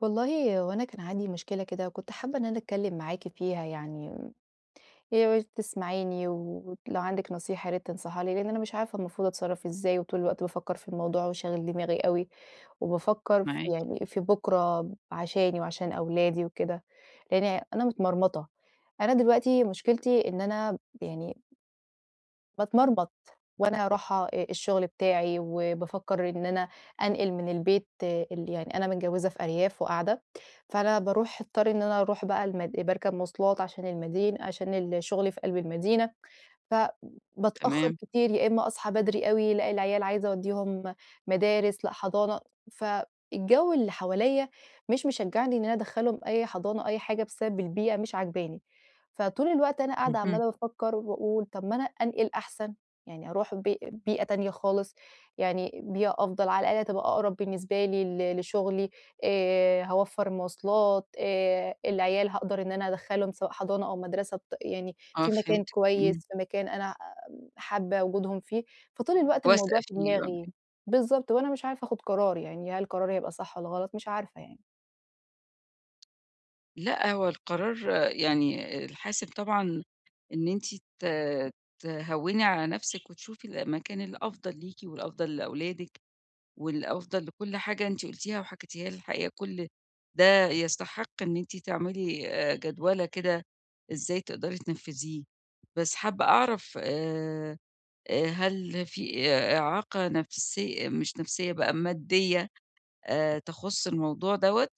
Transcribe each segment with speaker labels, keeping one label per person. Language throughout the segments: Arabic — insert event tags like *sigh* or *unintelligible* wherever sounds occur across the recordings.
Speaker 1: والله هو أنا كان عندي مشكلة كده، وكنت حابة إن أنا اتكلّم معاكِ فيها يعني، ياريت تسمعيني، ولو عندِك نصيحة يا ريت تنصحيها لي، لإن أنا مش عارفة المفروض أتصرّف إزاي، وطول الوقت بافكّر في الموضوع، وشاغل دماغي أوي، وبافكّر ف
Speaker 2: معاكِ.
Speaker 1: يعني في بكرة عشاني وعشان أولادي وكده، لإني أنا متمرمطة. أنا دلوقتي مُشكلتي إن أنا ب يعني باتمرمط وأنا راحة أ الشغل بتاعي وبافكّر إن أنا أنقِل من البيت ال يعني أنا متجوّزة في أرياف وقاعدة فأنا باروح اضطر إن أنا اروح بقى المد باركب مواصلات عشان المدين عشان ال شُغلي في قلب المدينة فبتأخر
Speaker 2: تمام.
Speaker 1: كتير يا إما أصحى بدري أوي، لأ العيال عايزة اودّيهم مدارس، لأ حضانة، ف الجو اللي حواليّا مش مشجعني إن أنا ادخلهم أي حضانة أي حاجة بسبب البيئة مش عاجباني، فطول الوقت أنا قاعدة
Speaker 2: اهم.
Speaker 1: عمّالة بافكّر وباقول طب ما أنا أنقِل أحسن، يعني أروح ب بيئة تانية خالص، يعني بيئة أفضل، على الآقل هتبقى أقرب بالنسبة لي ل لشُغلي، آآ هاوفّر مواصلات، آآ العيال هاقدر إن أنا ادخلهم سواء حضانة أو مدرسة، ط يعني
Speaker 2: آه
Speaker 1: في مكان
Speaker 2: فهمتِك،
Speaker 1: كويّس،
Speaker 2: إمم.
Speaker 1: في مكان أنا ع حابة وجودهم فيه. فطول الوقت الموضوع في دماغي،
Speaker 2: *unintelligible*
Speaker 1: بالضبط، وأنا مش عارفة أخُد قرار يعني، هل قراري هيبقى صح والّا غلط، مش عارفة يعني.
Speaker 2: لأ، هو القرار يعني، الحاسِب طبعًا إن أنتِ ت تهوّني على نفسِك وتشوفي المكان الأفضل ليكِ والأفضل لأولادِك والأفضَل لكل حاجة أنتِ قُلتيها وحكِيتِيها، الحقيقة كل ده يستحِق إن أنتِ تعملي آآ، جَدوَلة كده إزاي تقدري تنفِّذيه. بس حابَّة أعرف، آآ، آآ، هل في إعاقة نفسية مش نفسية بقى، مادية، آآ، تخُص الموضوع دوَّة؟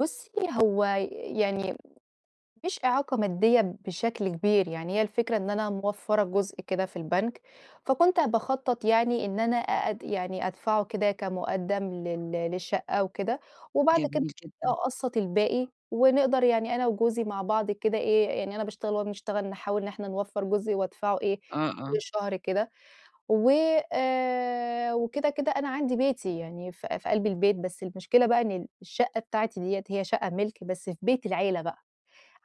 Speaker 1: بُصي هو ي يعني، مش إعاقة مادية بشكل كبير يعني، هي الفكرة إن أنا موفّرة جزء كده في البنك، فكنت باخطّط يعني إن أنا أ أد يعني أدفعه كده كمقدَّم لل للشقَّة وكده وبعد كده
Speaker 2: جميل جدًا.
Speaker 1: أقسّط الباقي، ونقدَر يعني أنا وجوزي مع بعض كده إيه، يعني أنا باشتغل وهو بيشتغل، نحاول إن إحنا نوفر جزء وأدفعه إيه،
Speaker 2: آه،
Speaker 1: كل
Speaker 2: آه.
Speaker 1: شهر كده، وآآ وكده كده أنا عندي بيتي يعني في في قلب البيت، بس المشكلة بقى إن الشقة بتاعتي ديَّة هي شقة ملكي بس في بيت العيلة بقى،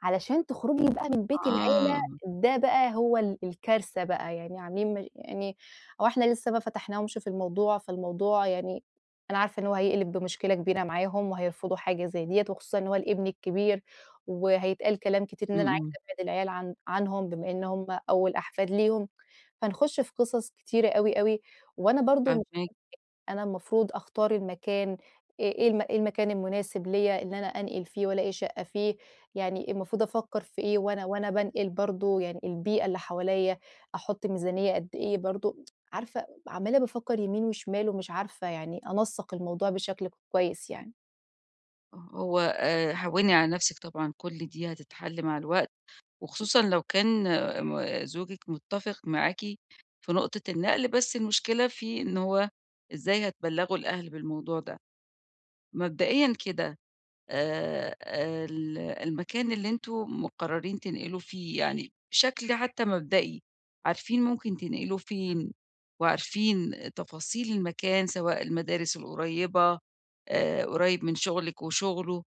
Speaker 1: علشان تخرُجي بقى من بيت العيلة
Speaker 2: آه.
Speaker 1: ده بقى هو ال الكارثة بقى يعني، عامِلين مش يعني هو إحنا لسه ما فاتَحناهمش في الموضوع، فالموضوع يعني أنا عارفة إن هو هيقلِب بمشكلة كبيرة معاهم وهيرفضوا حاجة زي ديَّة، وخصوصًا إن هو الابن الكبير وهيتقال كلام كتير، إن
Speaker 2: امم،
Speaker 1: أنا عايزة
Speaker 2: امم.
Speaker 1: أبعِّد العيال عن عنهم، بمّا إنَّهم أوَل أحفاد ليهُم، فنِخُش في قصص كتيرة أوي أوي، وأنا برضه مش *unintelligible*
Speaker 2: فاهماكِ.
Speaker 1: أنا المفروض أختار المكان إيه إيه الم إيه المكان المناسب ليّا إن أنا أنقل فيه، وألاقي شقة فيه؟ يعني المفروض أفكّر في إيه وأنا وأنا بانقل برضو، يعني البيئة اللي حواليّا، أحُطّ ميزانية قد إيه برضه؟ *tsk* عارفة، عمَّالة بافكر يمين وشمال ومش عارفة يعني أنسق الموضوع بشكل كويِس يعني.
Speaker 2: آه، هو آآ، هوّني على نَفسِك طبعًا، كُلّ دي هتتحِلّ مع الوقت، وخصوصًا لو كان م زوجِك متَّفق معاكِ في نقطة النقل. بس المشكلة في إن هو إزاي هتبلّغوا الأهل بالموضوع ده. مبدئيًا كده آآ، ال المكان اللي أنتم مقررين تنقلوا فيه، يعني بشكل حتى مبدئي، عارِفين ممكن تنقلوا فين؟ وعارفين تفاصيل المكان، سواء المدارِس القريبة، آآ، قريب من شغلِك وشغله،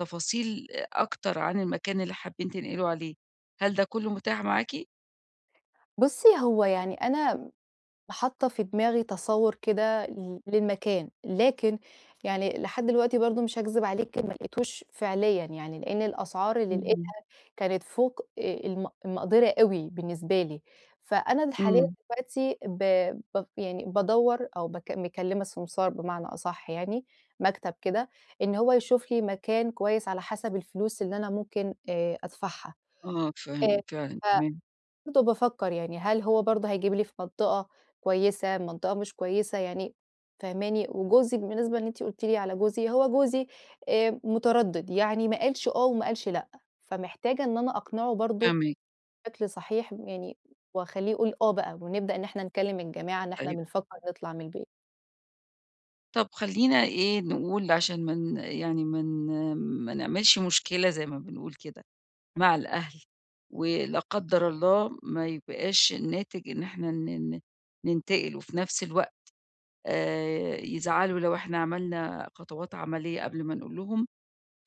Speaker 2: تفاصيل أكتر عن المكان اللي حابِين تنقلوا عليه، هل ده كله متاح معاكِ؟
Speaker 1: بُصي، هو يعني أنا حاطة في دماغي تصوُّر كده لل للمكان، لكن يعني لحد دلوقتي برضه، مش هاكذِب عليكِ، ما لقيتوش فعليًا يعني، لإن الأسعار اللي لقِيتها
Speaker 2: اهم.
Speaker 1: كانت فوق آآ الم المقدَرة أوي بالنسبة لي. فأنا اللي حاليًا
Speaker 2: إمم.
Speaker 1: دلوقتي ب ب يعني بادوّر، أو بك مكلّمة سمسار بمعنى أصح يعني، مكتَب كده، إن هو يشوف لي مكان كويِس على حسب الفلوس اللي أنا ممكن آآ، أدفَعها.
Speaker 2: آه
Speaker 1: آآ،
Speaker 2: فهمت، فعلًا،
Speaker 1: ف
Speaker 2: تمام.
Speaker 1: فبرضه بافكر يعني، هل هو برضه هيجيب لي في منطقة كويِسة، منطقة مش كويِسة يعني، فاهماني؟ وجوزي، بالنسبة إن أنتِ قُلتِ لي على جوزي، هو جوزي آآ، متردد، يعني ما قالش آه وما قالش لأ. فمحتاجة إن أنا أقنعه برضه
Speaker 2: فاهماك.
Speaker 1: بشكل صحيح، يعني وأخلِّيه يقول آه بقى، ونبدأ إن إحنا نكلم الجماعة إن إحنا
Speaker 2: أيوه.
Speaker 1: بنفكر نطلع من البيت.
Speaker 2: طب خلّينا إيه نقول، عشان ما ن يعني ما ن ما نعملش مشكلة، زي ما بنقول كده مع الأهل، ولا قدّر الله ما يبقاش الناتج إن إحنا ن ن ننتقل، وفي نفس الوقت، آآ يزعلوا لو إحنا عملنا خطوات عملية قبل ما نقول لهم.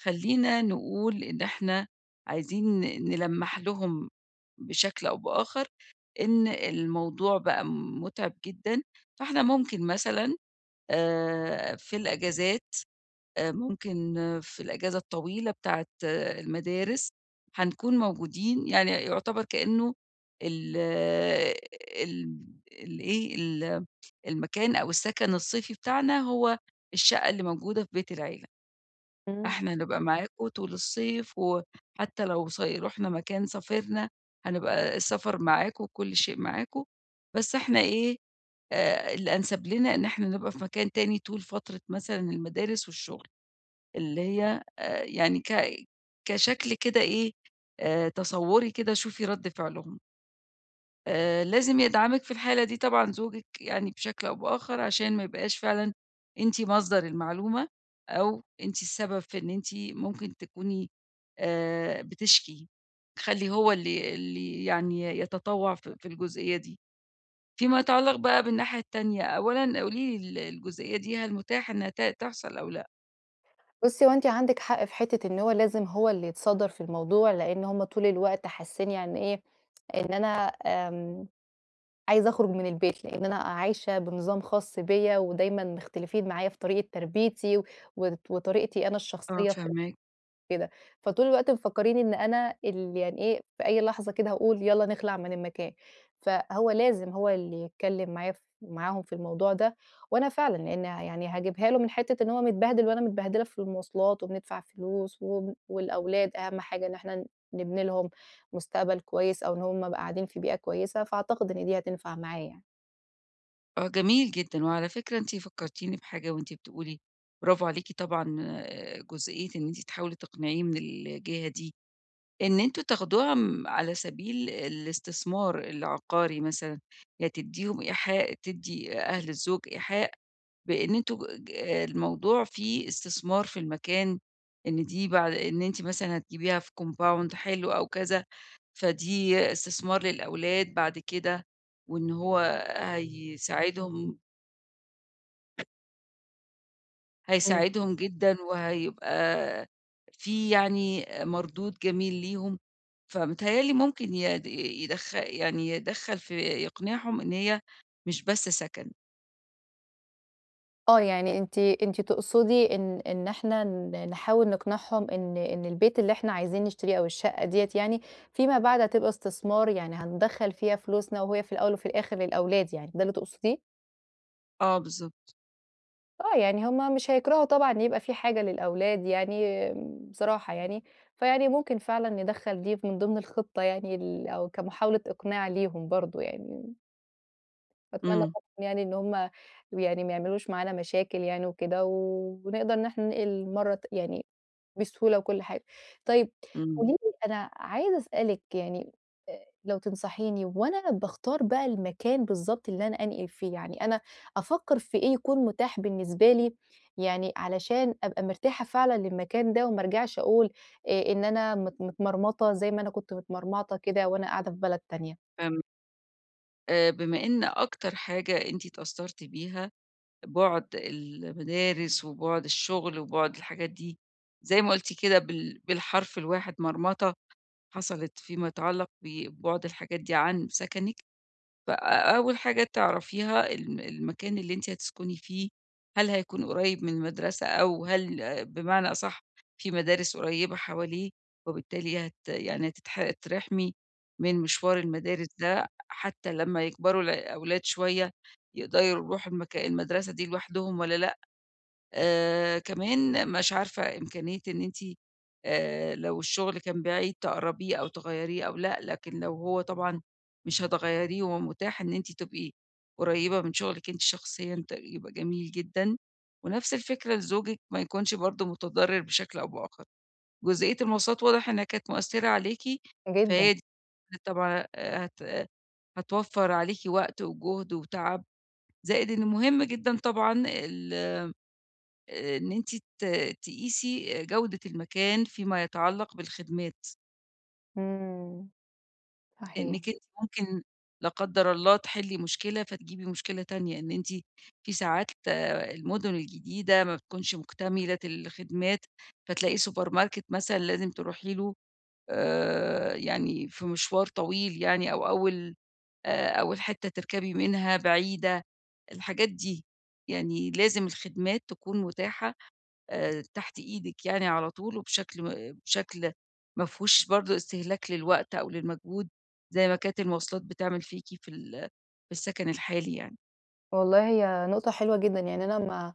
Speaker 2: خلّينا نقول إن إحنا عايزين ن نلمّح لهم بشكل أو بآخر إن الموضوع بقى مُتعِب جدًا. فإحنا ممكن مثلًا، آآ في الإجازات آآ ممكن في الإجازة الطويلة بتاعة المدارس، هنكون موجودين يعني، يُعتِبر كأنه ال ال ال إيه، ال المكان أو السكن الصيفي بتاعنا هو الشقة اللي موجودة في بيت العيلة.
Speaker 1: إمم.
Speaker 2: إحنا هنبقى معاكم طول الصيف، وحتى لو صي رُحنا مكان، سافرنا، هنبقى السفر معاكم، وكل شيء معاكم، بس إحنا إيه، آآ الأنسب لنا إن إحنا نبقى في مكان تاني طول فترة مثلًا المدارس والشغل، اللي هي آآ يعني ك كشكل كده إيه، آآ تَصوّري كده، شوفي رد فعلهم. آآ لازم يدعمِك في الحالة دي طبعًا زوجك يعني بشكل أو بآخر، عشان ما يبقاش فعلًا أنتِ مصدر المعلومة، أو أنتِ السبب في إن أنتِ ممكن تكوني آآ، بتشكي، خلّي هو اللي اللي يعني يتطوع في في الجزئية دي. فيما يتعلق بقى بالناحية التانية أولًا قولي لي ال الجزئية دي هل متاحة إنّها ت تحصل أو لأ؟
Speaker 1: بُصي هو أنتِ عندِك حق في حتّة إن هو لازم هو اللي يتصدر في الموضوع، لأن هُم طول الوقت حاسين يعني إيه إن أنا آمم، عايزة أخرج من البيت، لأن أنا عايشة بنظام خاص بيّا ودايمًا مختلفين معايا في طريقة تربِيّتي، و وطريقتِي أنا
Speaker 2: آه،
Speaker 1: الشخصيّة في
Speaker 2: فاهماكِ.
Speaker 1: كده، فطول الوقت مفكرين إن أنا ال يعني إيه في أي لحظة كده هاقول يالّا نخلع من المكان. فهو لازم هو اللي يتكلّم معايا ف معاهم في الموضوع ده، وأنا فعلًا لأن يعني هاجيبها له من حتّة إن هو متبهدل وأنا متبهدلة في المواصلات، وبندفع فلوس، و والأولاد أهم حاجة إن إحنا نبني لهم مستقبل كويّس أو إن هُم يبقوا قاعدين في بيئة كويّسة، فأعتقد إن دي هتنفع معاه يعني.
Speaker 2: آه جميل جدًا، وعلى فكرة أنتِ فكّرتيني بحاجة وأنتِ بتقولي برافو عليكِ طبعًا جزئية إن أنتِ تحاولي تقنعيه من الجهة دي، إن أنتم تاخدوها، امم، على سبيل الاستثمار العقاري مثلًا، يعني تدّيهم إيحاء تدّي أهل الزوج إيحاء بإن أنتم ج الموضوع فيه استثمار في المكان، إن دي بعد إن أنتِ مثلًا هتجيبيها في compound حلو أو كذا، فدي استثمار للأولاد بعد كده، وإن هو هيساعدهم
Speaker 1: امم.
Speaker 2: هيساعدهم جدًا، وهيبقى في يعني آآ، مردود جميل ليهم، فمتهيأ لي ممكن يد يدخ يعني يدخّل في يقنعهم إن هي مش بس سكن.
Speaker 1: آه، يعني أنتِ أنتِ تقصدي إن إن إحنا ن نحاول نقنعهم إن إن البيت اللي إحنا عايزين نشتريه أو الشقة ديّة يعني، فيما بعد هتبقى استثمار، يعني هندخّل فيها فلوسنا وهي في الأوّل وفي الآخر للأولاد يعني، ده اللي تقصديه؟
Speaker 2: آه بالضبط.
Speaker 1: آه، يعني هُم مش هيكرَهوا طبعًا إن يبقى فيه حاجة للأولاد يعني بصراحة يعني، فيعني ممكن فعلًا ندخَّل دي في من ضِمن الخطة يعني ال أو كمحاولة إقناع ليهم برضه يعني. باتمنى
Speaker 2: إمم.
Speaker 1: طبعًا يعني إن هُم يعني ما يعملوش معانا مشاكل يعني وكده و ونقدر إن إحنا ننقِل مرّة ت يعني بسهولة وكلّ حاجة. طيب
Speaker 2: إمم.
Speaker 1: قولي لي أنا عايزة أسألِك يعني أ لو تنصحيني وأنا باختار بقى المكان بالضبط اللي أنا أنقِل فيه، يعني أنا أفكّر في إيه يكون متاح بالنسبة لي يعني علشان أبقى مرتاحة فعلًا للمكان ده وما أرجَعش أقول آآ إن أنا مت متمرمطة زي ما أنا كنت متمرمطة كده وأنا قاعدة في بلد تانية؟
Speaker 2: فهمت. آآ بما إن أكتر حاجة أنتِ اتأثَّرتِ بيها بُعد المدارس وبُعد الشغل وبُعد الحاجات دي زي ما قلتِ كده بال بالحرف الواحد، مرمطة حصَلِت فيما يتعلّق ببُعد الحاجات دي عن سكَنِك، ف أ أول حاجة تعرفيها ال المكان اللي أنتِ هتسكِني فيه، هل هيكون قريّب من المدرسة أو هل بمعنى أصَح فيه مدارس قريّبة حواليه، وبالتالي هت يعني هتتح هتترحَمي من مشوار المدارس ده، حتى لما يكبَروا الع الأولاد شوية يقدَروا يرُوحوا المكا المدرسة دي لوحدهم والّا لأ، آآ كمان مش عارفة إمكانية إن أنتِ آآ لو الشغل كان بعيد تقرَّبيه أو تغيَّريه أو لأ، لكن لو هو طبعًا مش هتغيَّريه ومتاح إن أنتِ تبقي قريبة من شغلِك أنتِ شخصيًا ت يبقى جميل جدًا، ونفس الفكرة لزوجِك ما يكونش برضه متضرّر بشكل أو بآخَر. جزئية المواصلات واضح إنها كانت مؤثّرة عليكِ،
Speaker 1: جدًا.
Speaker 2: فهي *unintelligible* طبعًا هت هتوفَّر عليكِ وقت وجهد وتعب، زائد إن مهم جدًا طبعًا ال إن أنتِ ت تقيسي آآ جودة المكان فيما يتعلق بالخدمات.
Speaker 1: إمم، صحيح.
Speaker 2: إنِك أنتِ ممكن- لا قدر الله- تحلي مشكلة، فتجيبي مشكلة تانية، إن أنتِ في ساعات آآ المُدن الجديدة ما بتكونش مُكتملة الخدمات، فتلاقي سوبر ماركت مثلًا لازم تروحي له، آآ يعني في مشوار طويل يعني، أو أول آآ، أول حِتّة تركبي منها بعيدة، الحاجات دي، يعني لازم الخدمات تكون مُتاحة آآ تحت إيدك يعني على طول، وبشكل ما بشكل مافيهوش برضه استهلاك للوقت أو للمجهود، زي ما كانت المواصلات بتعمل فيكِ في ال في السكن الحالي يعني.
Speaker 1: والله هي نقطة حلوة جدًا، يعني أنا ما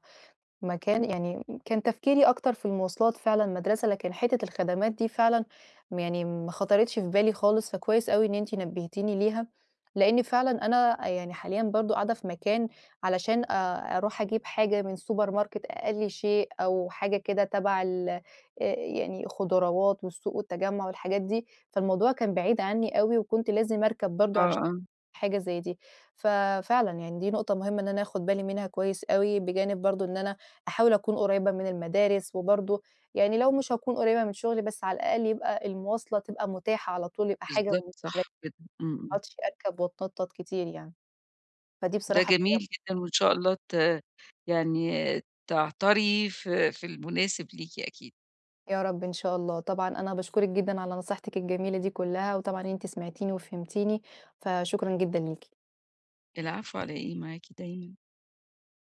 Speaker 1: ما كان يعني كان تفكيري أكتر في المواصلات فعلًا المدرسة، لكن حِتّة الخدمات دي فعلًا، م يعني ما خاطرتش في بالي خالص، فكويس أوي إن أنتِ نبهتيني ليها، لإني فعلًا أنا يعني حاليًا برضه قاعدة في مكان، علشان آآ أروح أجيب حاجة من السوبر ماركت، أي شيء، أو حاجة كده تبع ال آآ يعني خُضراوات والسوق والتجمع والحاجات دي، فالموضوع كان بعيد عني أوي، وكنت لازم أركب برضه
Speaker 2: آه،
Speaker 1: عشان
Speaker 2: آه.
Speaker 1: حاجة زي دي، ف فعلًا يعني دي نُقطة مُهمة إن أنا آخد بالي منها كويس أوي، بجانب برضه إن أنا أحاول أكون قريبة من المدارس، وبرضه يعني لو مش هاكون قريبة من شُغلي، بس على الأقل يبقى المواصلة تبقى مُتاحة على طول، يبقى حاجة
Speaker 2: بالضبط،
Speaker 1: مش *unintelligible* ما
Speaker 2: صح جدًا، امم، امم.
Speaker 1: أقعدش أركب واتنطط كتير يعني، فدي
Speaker 2: ده
Speaker 1: بصراحة
Speaker 2: جميل
Speaker 1: *unintelligible*
Speaker 2: جدًا، وإن شاء الله ت يعني تعتري في في المُناسب ليكِ أكيد.
Speaker 1: يا رب إن شاء الله، طبعًا أنا باشكرك جدًا على نصيحتِك الجميلة دي كُلّها، وطبعًا أنتِ سمعتيني وفهمتيني، فشكرًا جدًا ليكِ.
Speaker 2: العفو على إيه؟ معاكِ دايمًا.